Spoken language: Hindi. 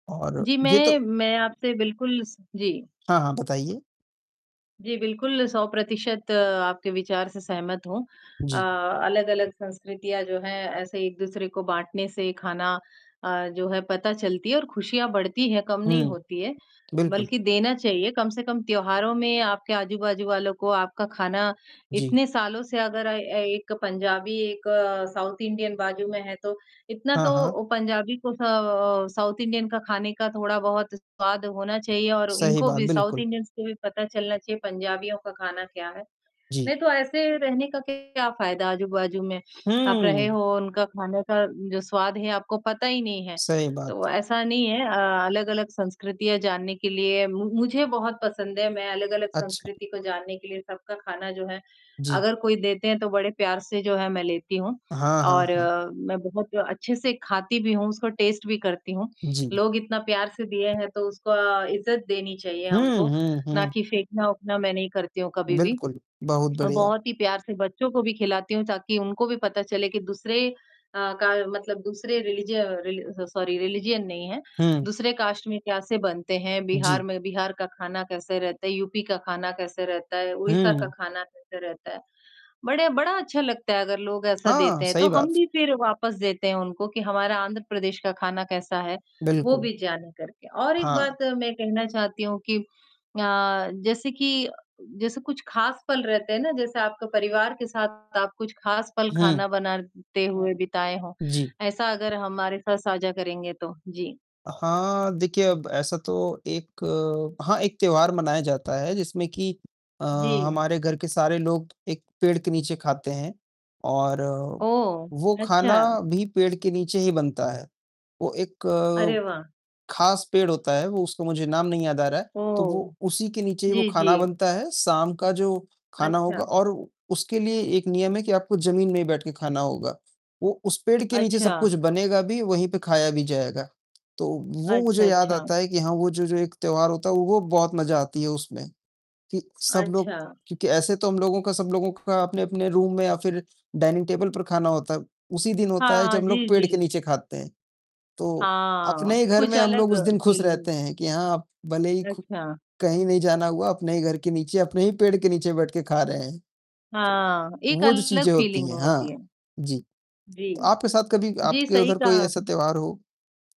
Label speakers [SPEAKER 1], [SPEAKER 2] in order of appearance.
[SPEAKER 1] और
[SPEAKER 2] जी,
[SPEAKER 1] ये तो
[SPEAKER 2] मैं मैं आपसे बिल्कुल स जी।
[SPEAKER 1] हाँ, हाँ, बताइए।
[SPEAKER 2] जी, बिल्कुल, 100% आपके विचार से सहमत हूँ अ,
[SPEAKER 1] जी।
[SPEAKER 2] अलग-अलग संस्कृतियाँ जो हैं, ऐसे एक-दूसरे को बाँटने से खाना अ, जो है पता चलती है और खुशियाँ बढ़ती हैं, कम नहीं
[SPEAKER 1] हुँ,
[SPEAKER 2] होती हैं।
[SPEAKER 1] बिल्कुल।
[SPEAKER 2] बल्कि देना चाहिए, कम से कम त्योहारों में आपके आजू-बाजू वालों को आपका खाना
[SPEAKER 1] जी।
[SPEAKER 2] इतने सालों से अगर अ अ, एक पंजाबी, एक साउथ इंडियन बाजू में है तो, इतना
[SPEAKER 1] हाँ,
[SPEAKER 2] तो
[SPEAKER 1] हाँ।
[SPEAKER 2] ओ पंजाबी को स अ, साउथ इंडियन का खाने का थोड़ा-बहुत स्वाद होना चाहिए और
[SPEAKER 1] सही
[SPEAKER 2] इनको
[SPEAKER 1] बात,
[SPEAKER 2] भी साउथ
[SPEAKER 1] बिल्कुल।
[SPEAKER 2] इंडियंस को भी पता चलना चाहिए, पंजाबियों का खाना क्या है?
[SPEAKER 1] जी।
[SPEAKER 2] नहीं तो ऐसे रहने का क्या फायदा आजू-बाजू में, आप रहे
[SPEAKER 1] हुँ।
[SPEAKER 2] हो, उनका खाने का जो स्वाद है आपको पता ही नहीं है।
[SPEAKER 1] सही बात।
[SPEAKER 2] तो ऐसा नहीं है अ, अलग-अलग संस्कृतियाँ जानने के लिए मु मुझे बहुत पसंद है, मैं अलग-अलग
[SPEAKER 1] अच्छा।
[SPEAKER 2] संस्कृति को जानने के लिए सबका खाना जो है,
[SPEAKER 1] जी।
[SPEAKER 2] अगर कोई देते हैं तो बड़े प्यार से जो है मैं लेती हूँ।
[SPEAKER 1] हाँ,
[SPEAKER 2] और
[SPEAKER 1] हाँ, हाँ।
[SPEAKER 2] मैं बहुत अच्छे से खाती भी हूँ, उसको टेस्ट भी करती हूँ,
[SPEAKER 1] जी।
[SPEAKER 2] लोग इतना प्यार से दिए हैं, तो उसको इज्जत देनी चाहिए
[SPEAKER 1] हुँ,
[SPEAKER 2] हमको,
[SPEAKER 1] हुँ,
[SPEAKER 2] ना
[SPEAKER 1] हुँ।
[SPEAKER 2] कि फेंकना-वेंकना मैं नहीं करती हूँ कभी भी।
[SPEAKER 1] बिल्कुल, बहुत
[SPEAKER 2] अ,
[SPEAKER 1] बढ़िया।
[SPEAKER 2] बहुत ही प्यार से बच्चों को भी खिलाती हूँ ताकि उनको भी पता चले कि दूसरे अ, का मतलब दूसरे रिलिज अ, रिल स सॉरी रिलिजन नहीं है,
[SPEAKER 1] हुँ।
[SPEAKER 2] दूसरे कास्ट में कैसे बनते हैं? बिहार
[SPEAKER 1] जी।
[SPEAKER 2] में बिहार का खाना कैसे रहता है? यूपी का खाना कैसे रहता है? उड़ीसा का
[SPEAKER 1] हुँ।
[SPEAKER 2] खाना कैसे रहता है? बड़े बड़ा अच्छा लगता है अगर लोग ऐसा
[SPEAKER 1] हाँ,
[SPEAKER 2] देते हैं, तो
[SPEAKER 1] सही
[SPEAKER 2] हम
[SPEAKER 1] बात।
[SPEAKER 2] भी फिर वापस देते हैं उनको कि हमारा आंध्र प्रदेश का खाना कैसा है, वो
[SPEAKER 1] बिल्कुल।
[SPEAKER 2] भी जाने करके। और एक
[SPEAKER 1] हाँ।
[SPEAKER 2] बात मैं कहना चाहती हूँ कि अ, जैसे कि जैसे कुछ खास पल रहते हैं ना, जैसे आपके परिवार के साथ आप कुछ खास पल
[SPEAKER 1] हुँ।
[SPEAKER 2] खाना बनाते हुए बिताए हों?
[SPEAKER 1] जी।
[SPEAKER 2] ऐसा अगर हमारे साथ साझा करेंगे तो, जी।
[SPEAKER 1] हाँ, देखिए अब ऐसा तो एक हाँ, एक त्योहार मनाया जाता है जिसमें कि अ,
[SPEAKER 2] जी।
[SPEAKER 1] हमारे घर के सारे लोग एक पेड़ के नीचे खाते हैं और
[SPEAKER 2] ओह,
[SPEAKER 1] वो खाना
[SPEAKER 2] अच्छा।
[SPEAKER 1] भी पेड़ के नीचे ही बनता है। वो
[SPEAKER 2] अरे,
[SPEAKER 1] एक,
[SPEAKER 2] वाह।
[SPEAKER 1] खास पेड़ होता है, वो उसको मुझे नाम नहीं याद आ रहा है, तो
[SPEAKER 2] ओह,
[SPEAKER 1] वो उसी के नीचे ही वो
[SPEAKER 2] जी, जी।
[SPEAKER 1] खाना बनता है, शाम का जो खाना
[SPEAKER 2] अच्छा।
[SPEAKER 1] होगा। और उसके लिए एक नियम है कि आपको ज़मीन में ही बैठ के खाना होगा, वो उस पेड़ के नीचे सब
[SPEAKER 2] अच्छा।
[SPEAKER 1] कुछ बनेगा भी, वहीं पे खाया भी जाएगा। तो वो
[SPEAKER 2] अच्छा,
[SPEAKER 1] मुझे याद
[SPEAKER 2] अच्छा।
[SPEAKER 1] आता है कि हाँ, वो जो जो एक त्योहार होता है, वो बहुत मज़ा आती है उसमें, कि सब
[SPEAKER 2] अच्छा।
[SPEAKER 1] लोग क्योंकि ऐसे तो हम लोगों का, सब लोगों का अपने-अपने रूम में या फिर डाइनिंग टेबल पर खाना होता है, उसी दिन होता
[SPEAKER 2] हाँ,
[SPEAKER 1] है
[SPEAKER 2] हाँ,
[SPEAKER 1] जब हम लोग
[SPEAKER 2] जी,
[SPEAKER 1] पेड़ के
[SPEAKER 2] जी।
[SPEAKER 1] नीचे खाते हैं। तो,
[SPEAKER 2] हाँ,
[SPEAKER 1] अपने ही घर
[SPEAKER 2] कुछ
[SPEAKER 1] में हम लोग
[SPEAKER 2] अलग
[SPEAKER 1] उस दिन खुश
[SPEAKER 2] फीलिंग।
[SPEAKER 1] रहते हैं कि हाँ, आप भले ही खु
[SPEAKER 2] अच्छा।
[SPEAKER 1] कहीं नहीं जाना हुआ, अपने ही घर के नीचे, अपने ही पेड़ के नीचे बैठ के खा रहे हैं।
[SPEAKER 2] हाँ, एक
[SPEAKER 1] वो जो
[SPEAKER 2] अलग
[SPEAKER 1] चीज़ें होती
[SPEAKER 2] फीलिंग
[SPEAKER 1] हैं
[SPEAKER 2] होती
[SPEAKER 1] हाँ
[SPEAKER 2] है,
[SPEAKER 1] जी।
[SPEAKER 2] जी।
[SPEAKER 1] तो आपके साथ कभी,
[SPEAKER 2] जी,
[SPEAKER 1] आपके
[SPEAKER 2] सही
[SPEAKER 1] उधर कोई
[SPEAKER 2] कहा
[SPEAKER 1] ऐसा
[SPEAKER 2] आपने।
[SPEAKER 1] त्योहार हो?